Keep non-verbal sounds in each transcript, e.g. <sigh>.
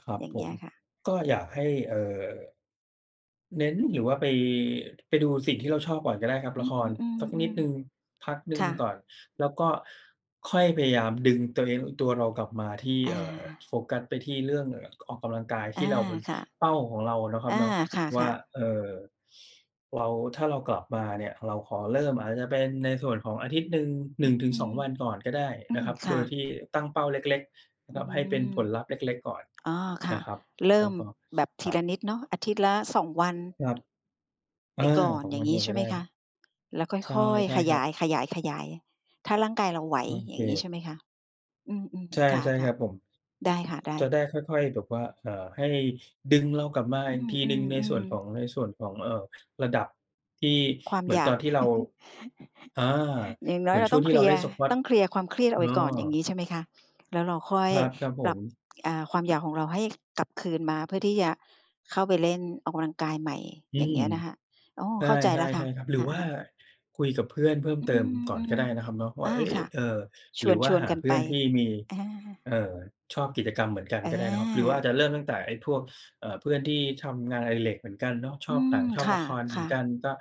ครับอย่างผเงี้ม ยค่ะ ก็อยากให้ เอ่อ เน้นหรือว่าไป ไปดูสิ่งที่เราชอบก่อนก็ได้ครับ อืละครสักนิม ดหๆ นึ่งๆ พักหนึๆ ค่ง่กะ ่อน แล้วก็ค่อยพยายามดึงตัวเอง ตัวเรากลับมาที่ อเอ่อ โา ฟกัสไปที่เรื่อง เอ่อ ออกกำลังกายทอา ี่เราเป็นค่ะ เป้าของเรานะครัอบา เนาะ คว่า ่ะ ๆ เอ่อ เรา ถ้าเรากลับมาเนี่ย เราขอเริ่มอาจจะเป็นในส่วนของอาทิตย์หนึ่ง หนึ่งถึองืสอง ม วัน ก่อนก็ได้อืนะม ครับ คโ่ดยะ ที่ตั้งเป้าเล็ก ๆ นะอืครับ ให้เป็นม ผลลัพธ์เล็ก ๆ ก่อนอ๋อ คน่ะ ะครับ เริแ่ล้มวก็ แบบทอี่ละา นิดเนาะ อาทิตย์ละ 2 วัน ครับ เไอปอ ก่อน 2 อย่าวงันงียัง้ไงใชก่็ไหไมด้ คะ? แล้วค่ใช่ อย ใช่ๆ ขคยรับ าย ๆ ๆ ถ้าร่างกายเราไหว โออยเ่างงี้ใชค ่ไหมคะ? อืม ใชๆ ค่ ๆ ่คะ รับผม ๆ ได้ค่ะ ได้ จะได้ค่อย ๆ แบบว่า เอ่อ ให้ดึงเรากลับมาอีกทีอืหนึ่งในส่อ วนขอๆ ๆ ง ในส่วนของ เอ่อ ระดับที่ความเหมืออนยาตอก นที่เรา <chuckles> อ่า อย่างน้เหอมยือเนราช่ตว้งองทเีค่ลเราีเยล่ร์ น Squat ต้องเคลียร์ความเครียดอเออกไปก่อน อย่างอ งี้ใช่ไหมคะ? แล้วเราค่อคยรับ ครับผปรับ ม อ่า ความอยากของเรา ให้กลับคืนมาเพื่อที่จะเข้าไปเล่นออกกำลังกายใหม่ อือย่างเงม ี้ยนะค่ะ โอ้ เข้าใจใชแ่ ล้วค่ะ ๆ ๆ ครับ หรคือว่า่ะ ๆ คุยกับเพื่อนเพิ่มอืเติมก่อนก็ม ได้นะครับเนาะ วๆ อ่่า า เฮ้ย ค่ะ เอ่อ ชหรวืน อวช่าวนหากันเพไืป ่อนที่มี อา เอ่อ ชอบกิจกรรมเหมือนกันก็ได้นะครับ หรือว่าอา จะเริ่มตั้งแต่ไอ้พวก เอ่อ เพื่อนที่ทำงานอดิเรกเหมือนกันเนาะ ชอือบหม นังชอคบ่ละ ะครคเหมื่อนะ กัน ก็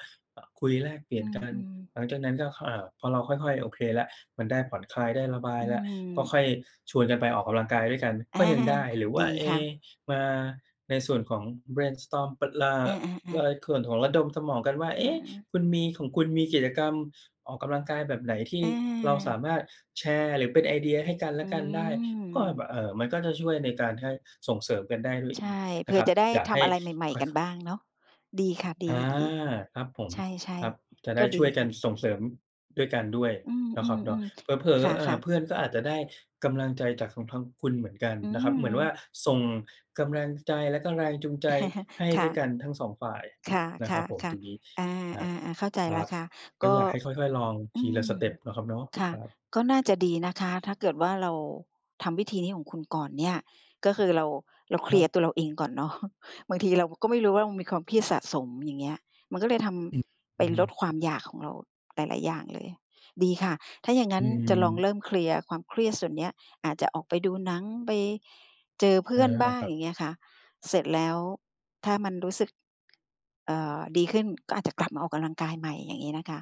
คุยแลกเปลีอ่ืยนกัน ม ๆ หลังจากนั้นก็ อ่า พอเราค่อย ๆ โอเคแล้ว มันได้ผ่อนคลายได้ระบายอืแล้ว ก็ค่อยม ชวนกันไปออกกำลังกายด้วยกันอา ก็ยังได้ หรือวด่ีา เอค๊ ่ะ มาในส่วนของ เบรนสตอร์ม ป อ่า อใา ๆ ๆ นส่วนของระดมสมองกันว่า อเือ๊ะ! ม คุณมี ของคุณมีกิจกรรมออกกำลังกายแบบไหน ที่เราสาอา มารถแชร์ หรือเป็นไอเดียให้กันแลอืะกันได้ ก็แบม บ เอ่อ มันก็จะช่วยในการให้ส่งเสริมกันได้ด้วยใชอ่ ีกเผนะื่คอรับ จะได้อยากทให้ำอะไรใหม่ ค่ๆ กันอย ๆ บ้างเนาะ ดีค่ะ ดอา ี ครับผๆ ม ใช่ ครับ จะๆ กได็้ดชี่วยกัค่นะ ส่งเสริมด้วยกันด้วยอืนะครับเนาะ ม เๆ ผลๆ อ คๆ อ่่า ะ ๆ เพื่อนก็อาจจะได้กำลังใจจากของทางคุณเหมือนกันอืนะครับ เหมือนว่า ม ส่งกำลังใจแล้วก็แรงจูงใจ<chuckles> ให้ค่ด้วยกะ ันทั้ง 2 ฝ่ายค่ะ นะคคร่ะ ับผม ค่ตะ รงนี้ อา ครับ ๆ ๆ เข้าใจคแรล้ับ วค่ะ ก็ก็ อยากให้ค่อย ๆ ลองอทืีละสม เตปนเนาะครับเนาะ ค่ะ ครับ ก็น่าจะดีนะคะ ถ้าเกิดว่า เราทำวิธีนี้ของคุณก่อนเนี่ย ก็คือเรา เราเคคลรีัยร์บ ตัวเราเองก่อน เนาะ บางทีเราก็ไม่รู้ว่า มันมีความเครียดสะสม อย่างเงี้ย มันก็เลยทอืม ำ ไอืปอฮลดึ ความอยากของเราหลาย ๆ อย่างเลย ดีค่ะ ถ้าอย่างงัอ้ืนจะลองม เริ่มเคลียร์ความเครียดส่วนนี้ อาจจะออกไปดูหนัง ไปเจอเพใืช่่อนแล้วบล้่าะง ครัอบ ย่างเงี้ยค่ะ เสร็จแล้ว ถ้ามันรู้สึก เอ่อ ดีขึ้นก็อาจจะกลับมาออกกำลังกายใหม่ อย่างงี้นะคะ